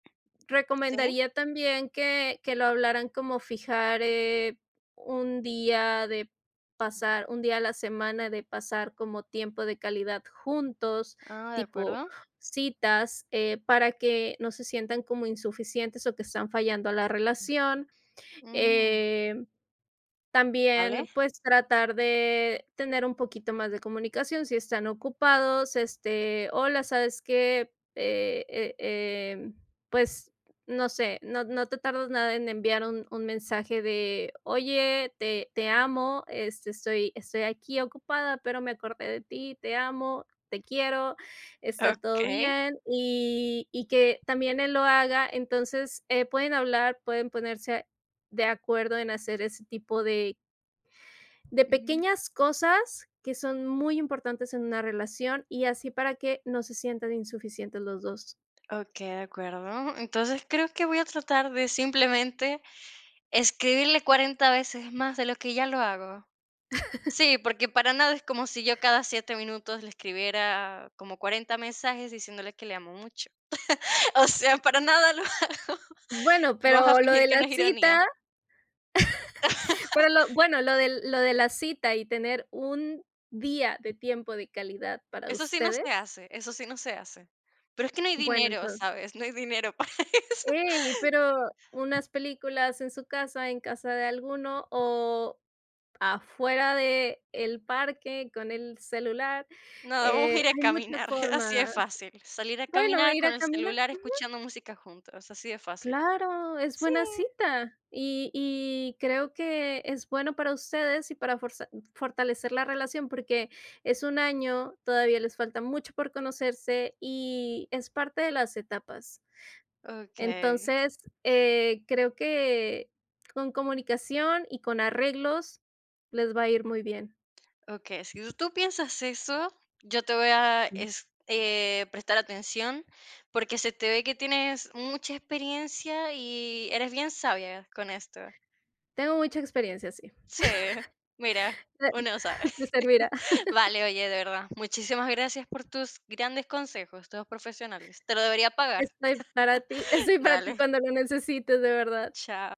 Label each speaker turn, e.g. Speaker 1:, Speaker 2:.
Speaker 1: Sí.
Speaker 2: Recomendaría también que que lo hablaran como fijar, eh, un día de pasar un día a la semana de pasar como tiempo de calidad juntos,
Speaker 1: Ah, de
Speaker 2: tipo
Speaker 1: acuerdo.
Speaker 2: citas, eh, para que no se sientan como insuficientes o que están fallando a la relación,
Speaker 1: Mm.
Speaker 2: em,
Speaker 1: ¿Vale?
Speaker 2: también, pues, tratar de tener un poquito más de comunicación, si están ocupados, este, hola, ¿sabes qué?, eh eh em, pues, no sé, no no te tardas nada en enviar un un mensaje de: Oye, te te amo, este, estoy estoy aquí ocupada, pero me acordé de ti, te amo, te quiero, está todo
Speaker 1: Okey.
Speaker 2: bien", y y que también él lo haga, entonces, eh, pueden hablar, pueden ponerse de acuerdo en hacer ese tipo de de
Speaker 1: Ujú.
Speaker 2: pequeñas cosas que son muy importantes en una relación y así para que no se sientan insuficientes los dos.
Speaker 1: Okey, de acuerdo. Entonces, creo que voy a tratar de simplemente escribirle 40 veces más de lo que ya lo hago. Sí, porque para nada es como si yo cada 7 minutos le escribiera como 40 mensajes diciéndole que le amo mucho. O sea, para nada lo hago.
Speaker 2: Bueno,
Speaker 1: Vamos a
Speaker 2: pero lo
Speaker 1: fingir
Speaker 2: de
Speaker 1: que
Speaker 2: la
Speaker 1: no es ironía.
Speaker 2: cita pero lo bueno, lo de lo de la cita y tener un día de tiempo de calidad para
Speaker 1: Eso sí no
Speaker 2: ustedes
Speaker 1: se hace, eso sí no se hace. Pero es que no hay
Speaker 2: Bueno,
Speaker 1: dinero,
Speaker 2: entonces
Speaker 1: ¿sabes? No hay dinero para eso.
Speaker 2: Ey, pero unas películas en su casa, en casa de alguno o afuera de el parque, con el celular,
Speaker 1: Nada, vamos a
Speaker 2: eh,
Speaker 1: ir a
Speaker 2: hay muchas
Speaker 1: caminar, así de
Speaker 2: formas.
Speaker 1: fácil. Salir a
Speaker 2: Bueno,
Speaker 1: caminar
Speaker 2: ir
Speaker 1: con
Speaker 2: a
Speaker 1: el
Speaker 2: caminar.
Speaker 1: celular
Speaker 2: Ujú.
Speaker 1: escuchando música juntos, así de fácil.
Speaker 2: Claro, es
Speaker 1: Sí.
Speaker 2: buena cita y y creo que es bueno para ustedes y para forza fortalecer la relación, porque es un año, todavía les falta mucho por conocerse y es parte de las etapas.
Speaker 1: Okey.
Speaker 2: Entonces, eh, creo que con comunicación y con arreglos les va a ir muy bien.
Speaker 1: Okey, si us ¿tú piensas eso? Yo te voy a es eh, prestar atención, porque se te ve que tienes mucha experiencia y eres bien sabia con esto.
Speaker 2: Tengo mucha experiencia, sí.
Speaker 1: Sí, mira,
Speaker 2: Te
Speaker 1: uno no sabe.
Speaker 2: te servirá.
Speaker 1: Vale, oye, de verdad, muchísimas gracias por tus grandes consejos, todos profesionales. Te lo debería pagar.
Speaker 2: Estoy para ti estoy para ti
Speaker 1: Dale.
Speaker 2: cuando lo necesites, de verdad.
Speaker 1: Chao.